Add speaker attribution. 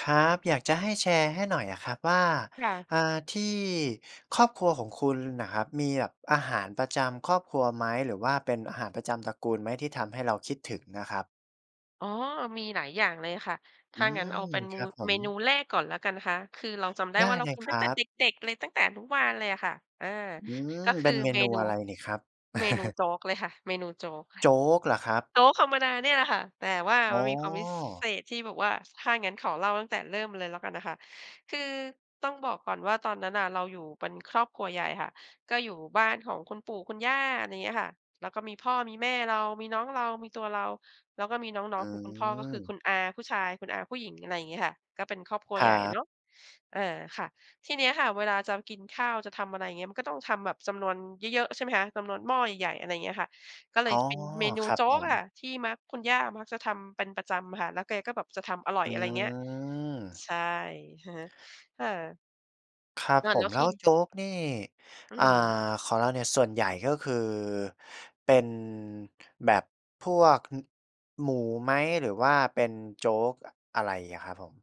Speaker 1: ครับ อยากจะให้แชร์ให้หน่อยอะครับว่า
Speaker 2: ค่ะ
Speaker 1: อ่า ที่ครอบครัวของคุณน่ะครับ มีหยับอาหารประจำครอบครัวไหม? หรือว่าเป็นอาหารประจำตระกูลไหม ที่ทำให้เราคิดถึงนะครับ?
Speaker 2: อ๋อ มีหลายอย่างเลยค่ะ ถ
Speaker 1: อื
Speaker 2: ้างั้นเอา
Speaker 1: ม
Speaker 2: เป็น
Speaker 1: ค
Speaker 2: มู
Speaker 1: รับผ
Speaker 2: เ
Speaker 1: ม
Speaker 2: มนูแรกก่อนแล้วกันนะคะ คือเราจำได้
Speaker 1: ได
Speaker 2: ว่
Speaker 1: ้
Speaker 2: า เรา
Speaker 1: เลย
Speaker 2: กิน
Speaker 1: ค
Speaker 2: ตั
Speaker 1: ร
Speaker 2: ้งแต
Speaker 1: ั
Speaker 2: ่
Speaker 1: บ
Speaker 2: เด็ก ๆ เลย ตั้งแต่อนุบาลเลยอะค่ะ อา
Speaker 1: อื
Speaker 2: ก็
Speaker 1: ม
Speaker 2: ค
Speaker 1: เป
Speaker 2: ื
Speaker 1: ็
Speaker 2: อ
Speaker 1: นเม
Speaker 2: เม
Speaker 1: นู
Speaker 2: นู
Speaker 1: อะไรนี่ครับ?
Speaker 2: เมนูโจ๊กเลยค่ะ เมนูโจ๊กค่ะ
Speaker 1: โจ๊กเหรอครับ?
Speaker 2: โจ๊กธรรมดานี่แหละค่ะ แต่ว่า
Speaker 1: อ๋
Speaker 2: มันมีความวิ ซ เ
Speaker 1: อ
Speaker 2: ศษที่แบบว่า ถ้างั้นขอเล่าตั้งแต่เริ่มเลยแล้วกันนะคะ คือต้องบอกก่อนว่า ตอนนั้นน่ะ เราอยู่เป็นครอบครัวใหญ่ค่ะ ก็อยู่บ้านของคุณปู่คุณย่า อะไรเงี้ยค่ะ แล้วก็มีพ่อ มีแม่เรา มีน้องเรา มีตัวเรา แล้วก็มีน้
Speaker 1: อ
Speaker 2: อ
Speaker 1: ื
Speaker 2: ง ๆ ของคุณพ่อ ก็คือค
Speaker 1: ม
Speaker 2: ุณอาผู้ชาย คุณอาผู้หญิง อะไรอย่างงี้ค่ะ ก็เป็นครอบครัว
Speaker 1: ค
Speaker 2: ใ
Speaker 1: ร
Speaker 2: หญ
Speaker 1: ั
Speaker 2: ่เ
Speaker 1: บ
Speaker 2: นาะ อา ค่ะ ทีเนี้ยค่ะ เวลาจะกินข้าว จะทำอะไรอย่างเงี้ย มันก็ต้องทำแบบจำนวนเยอะ ๆ ใช่ไหมคะ จำนวน หม้อใหญ่ ๆ อะไรอย่างเงี้ยค่ะ ก็เล
Speaker 1: อ๋
Speaker 2: ย
Speaker 1: อ
Speaker 2: จะเป็นเมนู
Speaker 1: ครับ
Speaker 2: โจ๊
Speaker 1: ผ
Speaker 2: กอ
Speaker 1: ม
Speaker 2: ะค่ะ ที่มัก คุณย่ามักจะทำเป็นประจำอะค่ะ แล้วแกก็แบบจะทำอร่อ
Speaker 1: อ
Speaker 2: ย
Speaker 1: ื
Speaker 2: อะไรเงี้ย
Speaker 1: ม
Speaker 2: ใช่ อะฮะ ค่ะ
Speaker 1: ครับ
Speaker 2: นา
Speaker 1: ผ
Speaker 2: นแล
Speaker 1: ม
Speaker 2: ้ว
Speaker 1: แล
Speaker 2: ท
Speaker 1: ้
Speaker 2: ี่
Speaker 1: ว
Speaker 2: อ
Speaker 1: โจ๊กนี่
Speaker 2: อื
Speaker 1: อ่า
Speaker 2: ม
Speaker 1: ของเราเนี่ย ส่วนใหญ่ก็คือ เป็น แบบพวก ฮึ หมูไหม? หรือว่าเป็นโจ๊ก อะ อะไรอะครับผม?